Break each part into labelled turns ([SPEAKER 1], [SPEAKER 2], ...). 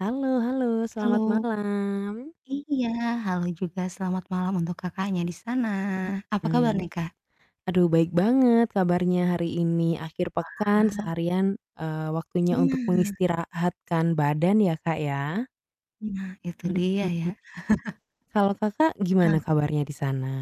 [SPEAKER 1] Halo halo.
[SPEAKER 2] Halo.
[SPEAKER 1] Selamat malam!
[SPEAKER 2] Iya, halo juga. Selamat malam untuk Kakaknya di sana. Apa kabar nih,
[SPEAKER 1] Mhm.
[SPEAKER 2] Kak?
[SPEAKER 1] Aduh baik banget kabarnya hari ini. Akhir pekan
[SPEAKER 2] Wah!
[SPEAKER 1] seharian, eee, waktunya untuk
[SPEAKER 2] Nah!
[SPEAKER 1] mengistirahatkan badan ya Kak ya?
[SPEAKER 2] Nah, itu dia ya.
[SPEAKER 1] Mhm. Kalau kakak gimana
[SPEAKER 2] Eh.
[SPEAKER 1] kabarnya di sana?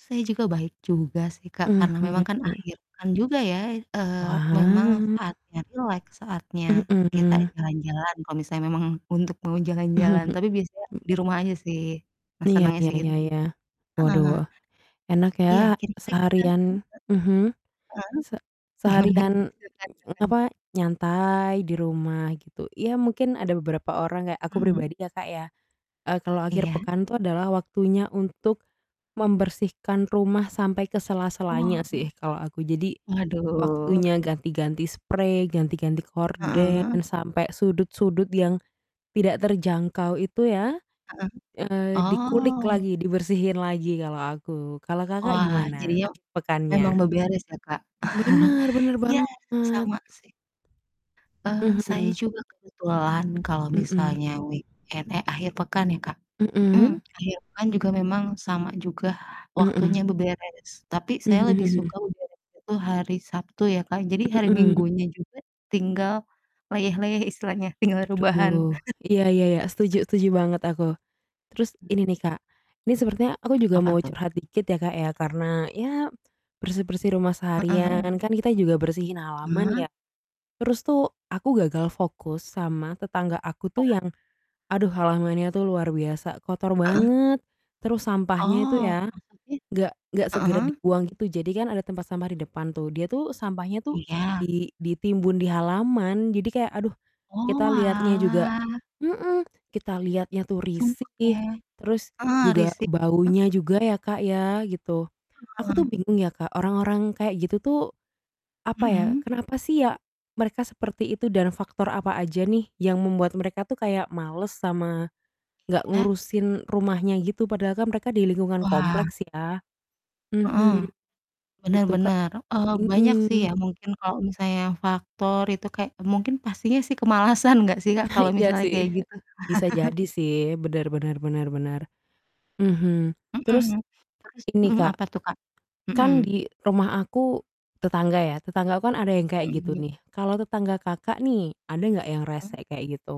[SPEAKER 2] Saya juga baik juga sih, Kak. Karena memang kan
[SPEAKER 1] Mhm.
[SPEAKER 2] akhir pekan juga ya, eee, memang
[SPEAKER 1] Wah.
[SPEAKER 2] saatnya rileks, saatnya kita
[SPEAKER 1] Mhm.
[SPEAKER 2] jalan-jalan, kalo misalnya memang untuk mau jalan-jalan. Tapi biasanya di rumah aja sih. Nah
[SPEAKER 1] Iya
[SPEAKER 2] senengnya
[SPEAKER 1] iya
[SPEAKER 2] sih
[SPEAKER 1] iya
[SPEAKER 2] itu,
[SPEAKER 1] iya.
[SPEAKER 2] heeh.
[SPEAKER 1] Waduh. Enak
[SPEAKER 2] Iya,
[SPEAKER 1] ya
[SPEAKER 2] kira-kira kita e
[SPEAKER 1] seharian mhm.
[SPEAKER 2] heeh.
[SPEAKER 1] Se
[SPEAKER 2] Gimana, Kak,
[SPEAKER 1] seharian,
[SPEAKER 2] silakan silakan.
[SPEAKER 1] apa, nyantai di rumah, gitu. Ya mungkin ada beberapa orang kayak aku
[SPEAKER 2] Mhm.
[SPEAKER 1] pribadi ya Kak ya, eee, kalau akhir
[SPEAKER 2] Iya.
[SPEAKER 1] pekan itu adalah waktunya untuk membersihkan rumah sampai ke
[SPEAKER 2] Wah.
[SPEAKER 1] sela-selanya sih kalau aku. Jadi,
[SPEAKER 2] Waduh.
[SPEAKER 1] waktunya ganti-ganti sprei, ganti-ganti gorden,
[SPEAKER 2] Heeh.
[SPEAKER 1] sampai sudut-sudut yang tidak terjangkau itu ya,
[SPEAKER 2] Heeh.
[SPEAKER 1] eee, dikulik
[SPEAKER 2] Oh.
[SPEAKER 1] lagi, dibersihin lagi kalo aku. Kalo Kakak
[SPEAKER 2] Wah
[SPEAKER 1] gimana
[SPEAKER 2] jadinya,
[SPEAKER 1] akhir
[SPEAKER 2] memang
[SPEAKER 1] pekannya?
[SPEAKER 2] beberes ya, Kak?
[SPEAKER 1] Bener, bener
[SPEAKER 2] Iya,
[SPEAKER 1] banget.
[SPEAKER 2] sama sih. Eee, saya
[SPEAKER 1] Mhm.
[SPEAKER 2] juga kebetulan kalau
[SPEAKER 1] Mhm.
[SPEAKER 2] misalnya weekend eh akhir pekan ya, Kak? Mhm.
[SPEAKER 1] Mhm.
[SPEAKER 2] Akhir pekan juga memang sama juga waktunya
[SPEAKER 1] Mhm.
[SPEAKER 2] beberes. Tapi saya
[SPEAKER 1] Mhm
[SPEAKER 2] lebih
[SPEAKER 1] mhm.
[SPEAKER 2] suka beberes itu hari Sabtu ya, Kak. Jadi hari
[SPEAKER 1] Mhm.
[SPEAKER 2] Minggunya juga tinggal leyeh-leyeh istilahnya, tinggal rebahan.
[SPEAKER 1] Aduh. Iya iya iya. Setuju setuju banget aku. Terus ini nih Kak, ini sepertinya aku juga
[SPEAKER 2] Apa
[SPEAKER 1] mau
[SPEAKER 2] tuh?
[SPEAKER 1] curhat dikit ya Kak ya, karena ya bersih-bersih rumah
[SPEAKER 2] Heeh heeh.
[SPEAKER 1] seharian, kan kita juga bersihin halaman
[SPEAKER 2] Hah?
[SPEAKER 1] ya. Terus tuh aku gagal fokus sama tetangga aku tuh
[SPEAKER 2] Wah.
[SPEAKER 1] yang, aduh halamannya tuh luar biasa, kotor
[SPEAKER 2] Heeh.
[SPEAKER 1] banget. Terus sampahnya itu
[SPEAKER 2] Oh.
[SPEAKER 1] ya,
[SPEAKER 2] Apa sih?
[SPEAKER 1] nggak nggak segera
[SPEAKER 2] Heeh.
[SPEAKER 1] dibuang gitu jadi kan ada tempat sampah di depan tuh, dia tuh sampahnya tuh
[SPEAKER 2] Iya.
[SPEAKER 1] di ditimbun di halaman, jadi kayak aduh, kita lihatnya juga
[SPEAKER 2] Oalah.
[SPEAKER 1] mhm. Kita lihatnya tuh
[SPEAKER 2] Sumpek ya?
[SPEAKER 1] risih, terus
[SPEAKER 2] Ah
[SPEAKER 1] juga
[SPEAKER 2] risih, e
[SPEAKER 1] baunya juga ya Kak ya, gitu. Aku tuh
[SPEAKER 2] Heeh.
[SPEAKER 1] bingung ya Kak, orang-orang kayak gitu tuh, apa ya,
[SPEAKER 2] Mhm.
[SPEAKER 1] kenapa sih ya, mereka seperti itu dan faktor apa aja nih yang membuat mereka tuh kayak males, sama gak
[SPEAKER 2] Iya.
[SPEAKER 1] ngurusin rumahnya gitu, padahal kan mereka di lingkungan
[SPEAKER 2] Wah.
[SPEAKER 1] kompleks ya.
[SPEAKER 2] Heeh.
[SPEAKER 1] Mhm.
[SPEAKER 2] Bener
[SPEAKER 1] Itu, Kak.
[SPEAKER 2] bener. Eee, banyak sih ya
[SPEAKER 1] Mhm.
[SPEAKER 2] mungkin kalo misalnya faktor itu kayak mungkin pastinya sih kemalasan gak sih Kak,
[SPEAKER 1] Nah
[SPEAKER 2] kalo
[SPEAKER 1] iya
[SPEAKER 2] misalnya
[SPEAKER 1] sih.
[SPEAKER 2] kayak gitu?
[SPEAKER 1] Bisa jadi sih. Bener bener bener bener. Mhm. Terus,
[SPEAKER 2] Mhm, terus
[SPEAKER 1] Ini
[SPEAKER 2] mhm,
[SPEAKER 1] Kak,
[SPEAKER 2] apa tuh Kak?
[SPEAKER 1] kan
[SPEAKER 2] Mhm.
[SPEAKER 1] di rumah aku tetangga ya, tetangga aku kan ada yang kayak gitu
[SPEAKER 2] Mhm.
[SPEAKER 1] nih, kalo tetangga Kakak nih, ada gak yang
[SPEAKER 2] Mhm.
[SPEAKER 1] rese kayak gitu?